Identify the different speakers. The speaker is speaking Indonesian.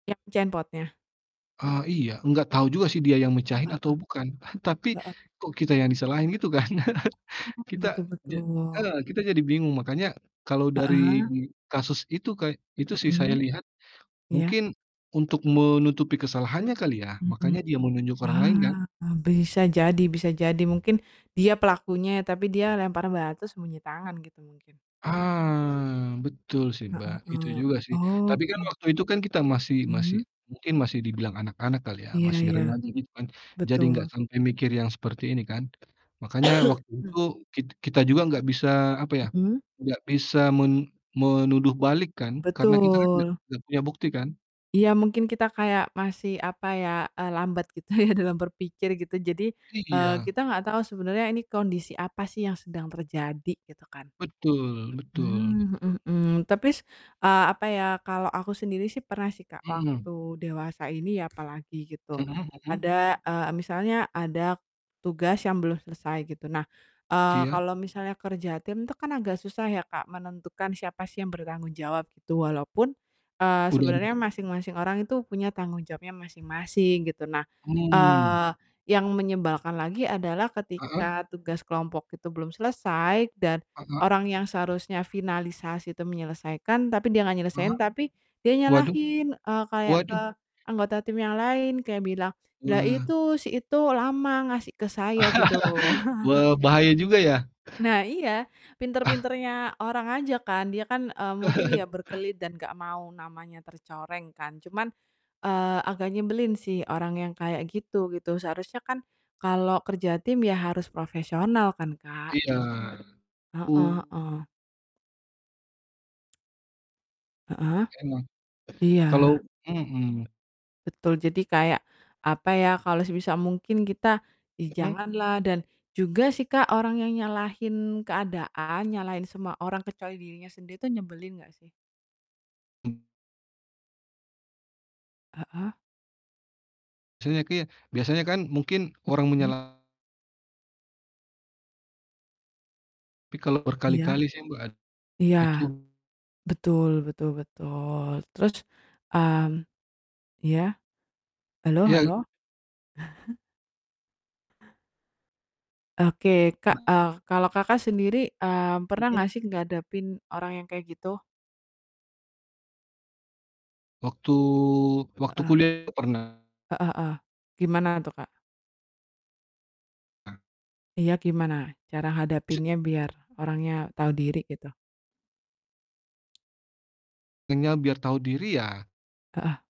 Speaker 1: Yang mecahin potnya?
Speaker 2: Ah, iya, enggak tahu juga sih dia yang mecahin
Speaker 1: Heeh
Speaker 2: atau
Speaker 1: heeh,
Speaker 2: bukan tapi,
Speaker 1: heeh.
Speaker 2: kok kita yang disalahin gitu kan?
Speaker 1: Oh
Speaker 2: Kita
Speaker 1: betul
Speaker 2: ja
Speaker 1: betul.
Speaker 2: heeh, kita jadi bingung makanya, kalau dari
Speaker 1: Heeh.
Speaker 2: kasus itu kay itu sih saya
Speaker 1: Mhm,
Speaker 2: lihat,
Speaker 1: iya.
Speaker 2: mungkin, untuk menutupi kesalahannya kali ya
Speaker 1: Mhm,
Speaker 2: makanya dia menunjuk orang lain kan?
Speaker 1: ah, bisa jadi bisa jadi mungkin dia pelakunya, tapi dia lempar batu sembunyi tangan gitu mungkin.
Speaker 2: Ah, betul sih,
Speaker 1: Heeh
Speaker 2: Mbak, itu
Speaker 1: heeh,
Speaker 2: juga sih, tapi kan
Speaker 1: oke.
Speaker 2: waktu itu kan kita masih masih
Speaker 1: Mmm.
Speaker 2: mungkin masih dibilang anak-anak kali ya,
Speaker 1: Iya
Speaker 2: masih
Speaker 1: iya,
Speaker 2: remaja gitu kan, jadi enggak
Speaker 1: betul.
Speaker 2: sampai mikir yang seperti ini kan. Makanya waktu itu kit kita juga enggak bisa apa ya,
Speaker 1: Mhm.
Speaker 2: enggak bisa men menuduh balik kan karena kita kan enggak
Speaker 1: Betul.
Speaker 2: enggak punya bukti kan?
Speaker 1: Iya, mungkin kita kayak masih, apa ya, eee, lambat gitu ya dalam berpikir gitu jadi, eee,
Speaker 2: Iya.
Speaker 1: kita nggak tahu sebenarnya ini kondisi apa sih yang sedang terjadi gitu kan.
Speaker 2: Betul betul betul.
Speaker 1: Mmm, mhm mhm, tapi s eee, apa ya, kalau aku sendiri sih pernah sih Kak,
Speaker 2: Mmm.
Speaker 1: waktu dewasa ini apalagi gitu,
Speaker 2: Mhm mhm.
Speaker 1: ada eee, misalnya ada, tugas yang belum selesai gitu, nah, eee,
Speaker 2: Iya.
Speaker 1: kalau misalnya kerja tim itu kan agak susah ya Kak, menentukan siapa sih yang bertanggung jawab gitu walaupun, eee,
Speaker 2: Udah.
Speaker 1: sebenarnya
Speaker 2: [unintelligible]
Speaker 1: masing-masing orang itu punya tanggung jawabnya masing-masing gitu. Nah,
Speaker 2: Mmm.
Speaker 1: eee, yang menyebalkan lagi adalah
Speaker 2: Heeh.
Speaker 1: ketika tugas kelompok itu belum selesai dan,
Speaker 2: Heeh.
Speaker 1: orang yang seharusnya finalisasi itu menyelesaikan, tapi dia nggak
Speaker 2: Heeh,
Speaker 1: nyelesain, tapi dia
Speaker 2: waduh,
Speaker 1: nyalahin, eee, kayak ke
Speaker 2: waduh.
Speaker 1: anggota tim yang lain, kayak bilang, "Lah
Speaker 2: Wah.
Speaker 1: itu, si itu lama ngasih ke saya," gitu.
Speaker 2: Wah, bahaya juga ya.
Speaker 1: Nah iya,
Speaker 2: Ah!
Speaker 1: pinter-pinternya orang aja kan, dia kan, eee, mungkin ya berkelit dan gak mau namanya tercoreng kan cuman, eee, agak nyebelin sih orang yang kayak gitu, gitu seharusnya kan, kalau kerja tim ya harus profesional kan, Kak?
Speaker 2: Iya,
Speaker 1: Heeh
Speaker 2: u
Speaker 1: heeh. Heeh,
Speaker 2: Emang,
Speaker 1: iya
Speaker 2: kalau mhm.
Speaker 1: Betul jadi kayak, apa ya, kalau sebisa mungkin kita ya
Speaker 2: Mhm.
Speaker 1: janganlah dan, juga sih Kak, orang yang nyalahin keadaan, nyalahin semua orang kecuali dirinya sendiri itu nyebelin nggak sih? Heeh.
Speaker 2: Biasanya kia biasanya kan mungkin orang
Speaker 1: Mhm.
Speaker 2: menyala tapi kalau
Speaker 1: Iya.
Speaker 2: berkali-kali sih Mbak, ad
Speaker 1: Iya.
Speaker 2: itu
Speaker 1: Betul betul betul terus mmm, iya, halo
Speaker 2: Iya.
Speaker 1: halo? Oke, Kak, eee, kalau Kakak sendiri, eee, pernah
Speaker 2: Mhm.
Speaker 1: nggak sih ngadepin orang yang kayak gitu?
Speaker 2: Waktu waktu
Speaker 1: Heeh.
Speaker 2: kuliah itu pernah.
Speaker 1: Heeh heeh, gimana tuh, Kak?
Speaker 2: A
Speaker 1: Iya, gimana? Cara hadapinnya biar orangnya tahu diri gitu?
Speaker 2: Enya biar tahu diri ya
Speaker 1: Heeh.